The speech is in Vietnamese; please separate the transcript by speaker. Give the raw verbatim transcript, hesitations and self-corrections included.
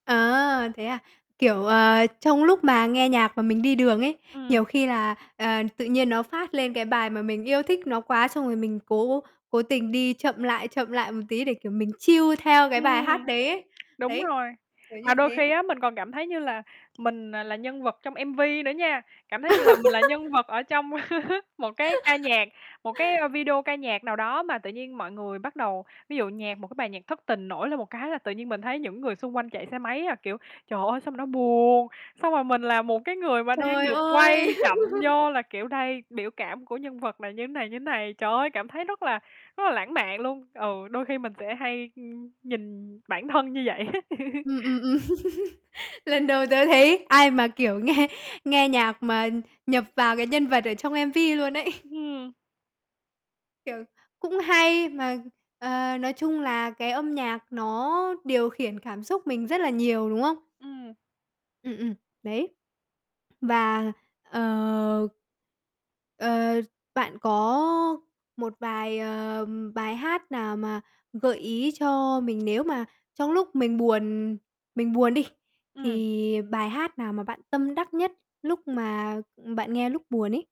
Speaker 1: À, thế à? Kiểu, ờ, trong lúc mà nghe nhạc mà mình đi đường ấy, nhiều
Speaker 2: Ừm.
Speaker 1: khi là, ờ, tự nhiên nó phát lên cái bài mà mình yêu thích nó quá, xong rồi mình cố cố tình đi chậm lại, chậm lại một tí để, kiểu, mình chill theo cái bài
Speaker 2: Ừm,
Speaker 1: hát đấy ấy.
Speaker 2: đúng
Speaker 1: Đấy,
Speaker 2: rồi.
Speaker 1: kiểu
Speaker 2: Mà
Speaker 1: như
Speaker 2: đôi
Speaker 1: thế.
Speaker 2: khi á, mình còn cảm thấy như là mình, à, là nhân vật trong M-V nữa nha, cảm thấy như là mình là nhân vật ở trong một cái ca nhạc, một cái, ơ, video ca nhạc nào đó. Mà tự nhiên mọi người bắt đầu ví dụ nhạc một cái bài nhạc thất tình nổi lên một cái là tự nhiên mình thấy những người xung quanh chạy xe máy, à, kiểu, trời ơi, sao mà nó buồn, xong rồi mình là một cái người mà đang
Speaker 1: Trời
Speaker 2: được quay
Speaker 1: ơi!
Speaker 2: chậm vô là kiểu đây biểu cảm của nhân vật này như này, như này, trời ơi, cảm thấy rất là rất là lãng mạn luôn. Ừ, đôi khi mình sẽ hay, ưm, nhìn bản thân như vậy.
Speaker 1: Ừm, ừm, ừm, lần đầu tớ thấy ai mà kiểu nghe nghe nhạc mà nhập vào cái nhân vật ở trong M-V luôn ấy.
Speaker 2: Ừm.
Speaker 1: Kiểu, cũng hay mà, ờ, nói chung là cái âm nhạc nó điều khiển cảm xúc mình rất là nhiều, đúng không?
Speaker 2: Ừm.
Speaker 1: Ừm, ừm, đấy. Và, ờ ờ, bạn có một vài, ờm, bài hát nào mà gợi ý cho mình nếu mà trong lúc mình buồn mình buồn đi,
Speaker 2: Ừm.
Speaker 1: thì bài hát nào mà bạn tâm đắc nhất lúc mà, ừm, bạn nghe lúc buồn ấy?